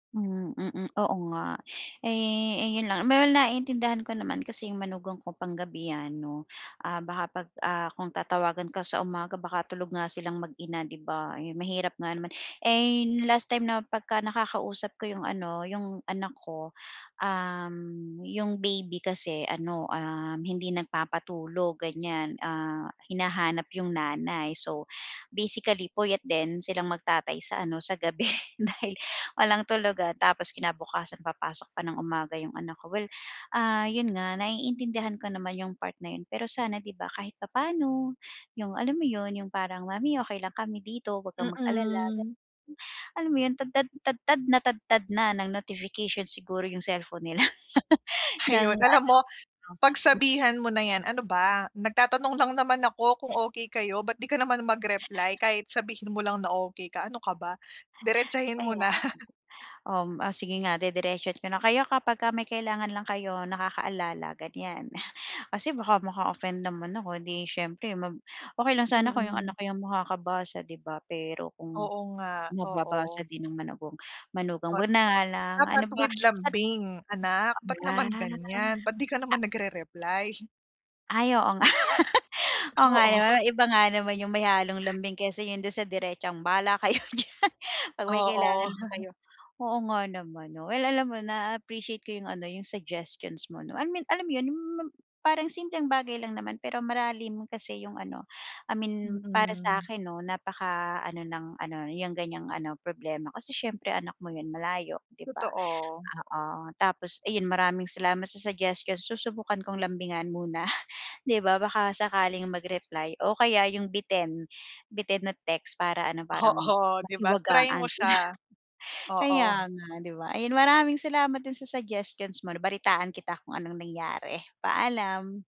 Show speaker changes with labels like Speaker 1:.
Speaker 1: Mm, mm, oo nga. Eh, ayun lang well, naiintindihan ko naman kasi yung manugang ko panggabi yan 'no, baka 'pag, ah, kung tatawagan ka sa umaga baka tulog nga silang mag-ina, 'di ba? Ayun, mahirap nga naman. Eh, last time na pagka nakakausap ko yung ano yung anak ko, um, yung baby kasi ano, um, hindi nagpapatulog ganiyan. Ah, hinahanap yung nanay. So, basically puyat din silang mag-tatay sa ano sa gabi. Dahil walang tulugan. Tapos kinabukasan papasok pa ng umaga yung anak ko. Well, ah, 'yon nga naiintindihan ko naman yung part na 'yon pero sana 'di ba kahit papaano yung alam mo 'yon yung parang, "Mommy okey lang kami dito wag kang mag-alala." Gano'n.
Speaker 2: Mm.
Speaker 1: Alam mo 'yon, tadtad tadtad na tadtad na ng notification siguro yung cellphone nila, ng
Speaker 2: Ayun. Alam
Speaker 1: ano
Speaker 2: mo,
Speaker 1: 'no?
Speaker 2: pagsabihan mo na yan, "Ano ba? Nagtatanong lang naman ako kung okey kayo, ba't di ka naman mag-reply? Kahit sabihin mo lang na okey ka ano ka ba?" Diretsahin mo
Speaker 1: Kaya,
Speaker 2: na.
Speaker 1: um, o sige nga didiretsohin ko na, "Kayo, kapagka may kailangan lang kayo nakakaalala." Ganiyan. Kasi baka maka-offend naman ako, eh, di siyempre mag okey lang sana kung yung
Speaker 2: Mm.
Speaker 1: anak yung makakabasa 'di ba, pero kung
Speaker 2: Oo nga,
Speaker 1: mababasa
Speaker 2: oo.
Speaker 1: din ng manugang manugang ko
Speaker 2: Ot
Speaker 1: 'wag na nga lang, ano
Speaker 2: dapat
Speaker 1: ba?
Speaker 2: with
Speaker 1: Sat
Speaker 2: lambing, "Anak, ba't
Speaker 1: [unintelligible] la
Speaker 2: naman ganyan? Ba't di ka
Speaker 1: a
Speaker 2: naman nagre-reply?"
Speaker 1: Ay, oo nga. Oo, nga
Speaker 2: Oo.
Speaker 1: naman iba nga naman yung may halong lambing kaysa yung do'n sa diretsang, "Bahala kayo diyan, 'pag may
Speaker 2: Oo.
Speaker 1: kailangan na kayo" Oo nga naman 'no? Well, alam mo naa-appreciate ko yung ano yung suggestions mo 'no, I mean alam 'yon hmm, ma parang simpleng bagay lang naman pero malalim kasi yung ano. I mean para
Speaker 2: Mm.
Speaker 1: sa'kin 'no, napaka ano ng ano yung ganiyang ano problema kasi siyempre anak mo yan, malayo 'di ba?
Speaker 2: Totoo.
Speaker 1: Oo, tapos ayun maraming salamat sa suggestions. Susubukan kong lambingan muna, 'di ba, baka sakaling mag-reply o kaya yung bitin, bitin na text para ano parang
Speaker 2: Oo, 'di ba? Try mo
Speaker 1: mahiwagaan sila.
Speaker 2: siya,
Speaker 1: Kaya
Speaker 2: oo.
Speaker 1: nga 'di ba? Ayun maraming salamat do'n sa suggestions mo 'no, balitaan kita kung anong nangyari. Paalam.